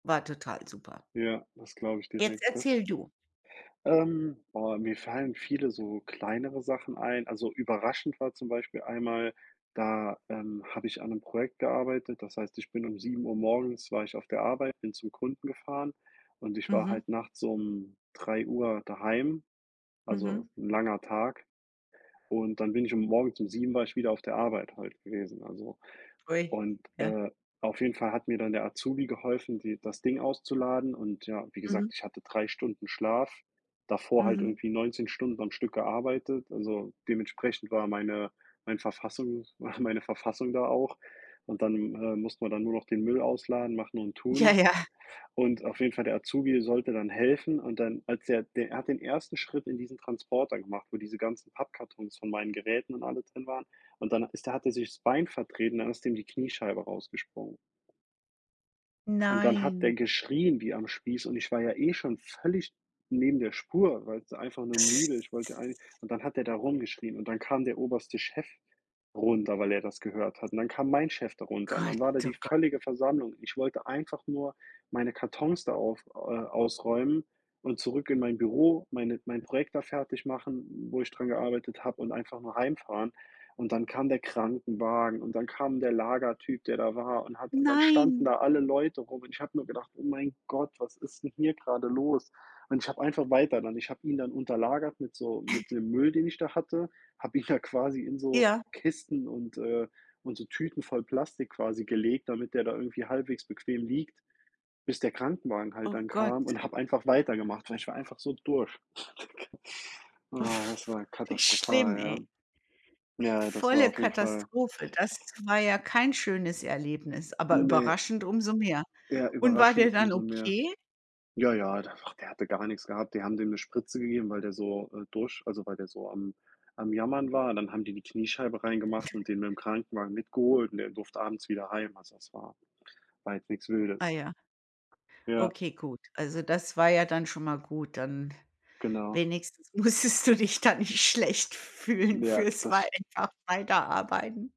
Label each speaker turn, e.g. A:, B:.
A: War total super.
B: Ja, das glaube ich
A: Jetzt
B: direkt, das k
A: erzähl du.
B: Ähm, boah, mir fallen viele so kleinere Sachen ein. Also, überraschend war zum Beispiel einmal, da, ähm, habe ich an 'nem Projekt gearbeitet. Das heißt, ich bin um 7:00 morgens war ich auf der Arbeit, bin zum Kunden gefahren und ich war
A: Mhm.
B: halt nachts um 3:00 daheim, also,
A: Mhm.
B: 'n langer Tag. Und dann bin ich um morgens um 7 war ich wieder auf der Arbeit halt gewesen, also.
A: Ui,
B: Und,
A: ja.
B: äh, auf jeden Fall hat mir dann der Azubi geholfen, die das Ding auszuladen und ja, wie
A: Mhm.
B: gesagt, ich hatte 3 Stunden Schlaf, davor halt
A: Mhm.
B: irgendwie 19 Stunden am Stück gearbeitet, also, dementsprechend war meine mein Verfassungs meine Verfassung da auch. Und dann, äh, mussten wir dann nur noch den Müll ausladen, machen und
A: Ja,
B: tun.
A: ja.
B: Und auf jeden Fall, der Azubi sollte dann helfen. Und dann, als er der hat den 1. Schritt in diesen Transporter gemacht, wo diese ganzen Pappkartons von meinen Geräten und alle drin waren. Und dann ist der hat der sich das Bein vertreten, dann ist dem die Kniescheibe rausgesprungen. Und dann hat der
A: Nein.
B: geschrien wie am Spieß und ich war ja eh schon völlig neben der Spur, weil's einfach nur müde. Ich wollte heim. Und dann hat der da rumgeschrien und dann kam der oberste Chef runter, weil er das gehört hat. Und dann kam mein Chef da runter und dann
A: Gott,
B: war da
A: oh
B: die
A: Gott.
B: völlige Versammlung. Ich wollte einfach nur meine Kartons da auf äh, ausräumen und zurück in mein Büro, meine mein Projekt da fertigmachen, wo ich dran gearbeitet habe und einfach nur heimfahren. Und dann kam der Krankenwagen und dann kam der Lagertyp, der da war und hat und dann standen
A: Nein.
B: da alle Leute rum. Und ich habe nur gedacht: „Oh mein Gott, was ist 'n hier grade los?“ Und ich habe einfach weiter dann. Ich habe ihn dann unter lagert mit so mit dem Müll, den ich da hatte. Habe ihn da quasi in so
A: Ja.
B: Kisten und, äh und so Tüten voll Plastik quasi gelegt, damit der da irgendwie halbwegs bequem liegt, bis der Krankenwagen halt
A: Oh
B: dann
A: Gott.
B: kam und habe einfach weitergemacht, weil ich war einfach so durch. Na, das war
A: Wie schlimm,
B: katastrophal,
A: ey.
B: ja. Ja, das war
A: Volle
B: auf jeden Fall
A: Katastrophe. Das war ja kein schönes Erlebnis, aber
B: Ne.
A: überraschend umso mehr.
B: Ja,
A: Und war
B: überraschend
A: der dann
B: umso mehr.
A: okay?
B: Ja, ja, der war der hatte gar nix gehabt. Die haben dem 'ne Spritze gegeben, weil der so, äh, durch also, weil der so am am Jammern war. Dann haben die die Kniescheibe rein gemacht und den mit'm Krankenwagen mit geholt und der durfte abends wieder heim. Also, das war war jetzt nix
A: Ah
B: Wildes.
A: ja.
B: Ja.
A: Okay, gut. Also, das war ja dann schon mal gut, dann
B: Genau.
A: wenigstens musstest du dich da nicht schlecht fühlen
B: Ja,
A: für's
B: das
A: wei
B: st
A: einfach weiterarbeiten.